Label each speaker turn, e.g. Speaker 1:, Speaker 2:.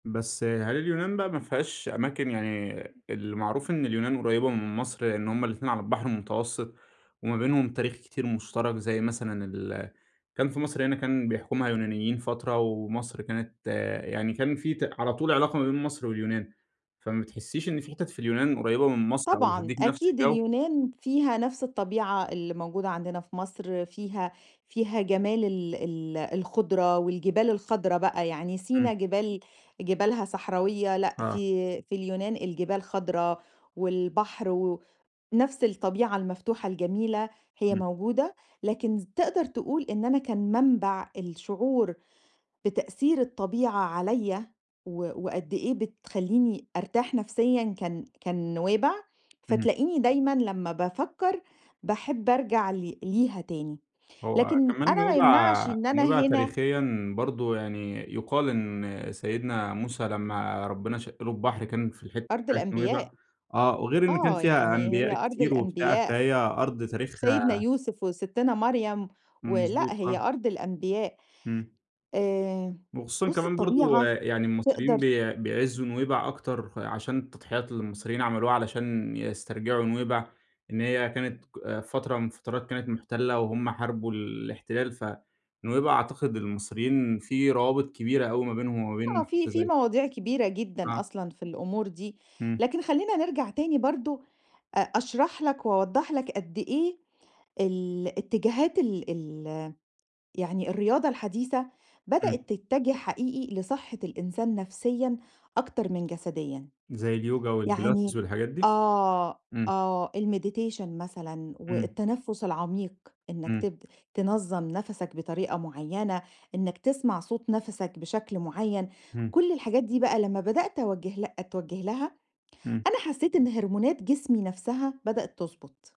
Speaker 1: بس هل اليونان بقى ما فيهاش أماكن يعني المعروف إن اليونان قريّبة من مصر، لإن هُم الاتنين على البحر المتوسط وما بينهم تاريخ كتير مشترك، زي مثلًا اللي كان في مصر هنا كان بيحكمها يونانيين فترة، ومصر كانت يعني كان في ت على طول علاقة ما بين مصر واليونان، فما بتحسيش إن في حِتت في اليونان قريّبة من مصر أو
Speaker 2: طبعًا،
Speaker 1: بتدّيكِ نفس
Speaker 2: أكيد
Speaker 1: الجو؟
Speaker 2: اليونان فيها نفس الطبيعة اللي موجودة عندنا في مصر، فيها فيها جمال ال ال الخُضرة والجبال الخضرا بقى، يعني
Speaker 1: إمم.
Speaker 2: سِينا جبال جبالها صحراوية، لأ
Speaker 1: آه.
Speaker 2: في في اليونان الجبال خضرا، والبحر و نَفْس الطبيعة المفتوحة الجميلة، هي
Speaker 1: إمم.
Speaker 2: موجودة، لكن ز تقدر تقول إن أنا كان منْبع الشعور بتأثير الطبيعة عليَّ و وقد إيه بتخلّيني أرْتاح نفسيًا، كان كان نُوَيْبع،
Speaker 1: إمم.
Speaker 2: فتلاقيني دايمًا لمّا بافكّر باحب أرْجع ل ليها تاني.
Speaker 1: هو
Speaker 2: لكن
Speaker 1: كمان
Speaker 2: أنا ما يمنعش
Speaker 1: نُوَيْبع
Speaker 2: إن أنا
Speaker 1: نُوَيْبع
Speaker 2: هنا
Speaker 1: تاريخيًا برضه يعني يُقال إن سيدنا موسى لمّا ربنا شق له البحر، كان في الحتة
Speaker 2: أرض
Speaker 1: بتاعة نُوَيْبع
Speaker 2: الأنبياء،
Speaker 1: آه، وغير إن كان
Speaker 2: آه،
Speaker 1: فيها
Speaker 2: يعني هي
Speaker 1: أنبياء
Speaker 2: أرض
Speaker 1: كتير وبتاع،
Speaker 2: الأنبياء،
Speaker 1: فهي أرض
Speaker 2: سيدنا
Speaker 1: تاريخها
Speaker 2: يوسف، وسِتِّنا مريم، و
Speaker 1: إمم،
Speaker 2: لأ
Speaker 1: مضبوط،
Speaker 2: هي
Speaker 1: آه.
Speaker 2: أرض الأنبياء،
Speaker 1: إمم.
Speaker 2: آآ،
Speaker 1: وخصوصًا
Speaker 2: بُصّ
Speaker 1: كمان برضه
Speaker 2: الطبيعة
Speaker 1: يعني المصريين
Speaker 2: تقدر
Speaker 1: بي بيعِزّوا نُوَيْبع أكتر، عشان التضحيات اللي المصريين عملوها علشان يسْترْجعوا نُوَيْبع، إن هي كانت ك فترة من الفترات كانت مُحتلة، وهم حاربوا الاحتلال، فنُوَيْبع أعتقد المصريين في روابط كبيرة أوي ما بينهم وما
Speaker 2: آه،
Speaker 1: بين
Speaker 2: في
Speaker 1: حتة
Speaker 2: في
Speaker 1: زي
Speaker 2: مواضيع كبيرة جدًا
Speaker 1: اه.
Speaker 2: أصلًا في الأمور دي،
Speaker 1: إمم.
Speaker 2: لكن خلّينا نرْجع تاني برضه أ أشرح لك وأوضّح لك قد إيه الاتجاهات ال ال يعني الرياضة الحديثة
Speaker 1: إمم.
Speaker 2: بدأت تتّجه حقيقي لصحة الإنسان نَفسيًا، أكتر من جسديًا،
Speaker 1: زي الyoga والpilates
Speaker 2: يعني
Speaker 1: والحاجات دي؟
Speaker 2: آه،
Speaker 1: إمم.
Speaker 2: آه الMeditation مثلًا،
Speaker 1: إمم.
Speaker 2: والتنفُّس العميق، إنك
Speaker 1: إمم.
Speaker 2: ت تنظّم نَفَسَكْ بطريقة معيّنة، إنك تسمع صوت نَفَسَكْ بشكل معيّن،
Speaker 1: إمم.
Speaker 2: كل الحاجات دي بقى لمّا بدأت أوجِّه لها اتْوجِّه لها،
Speaker 1: إمم.
Speaker 2: أنا حسيت إن هرمونات جسمي نفسها بدأت تِضبُط.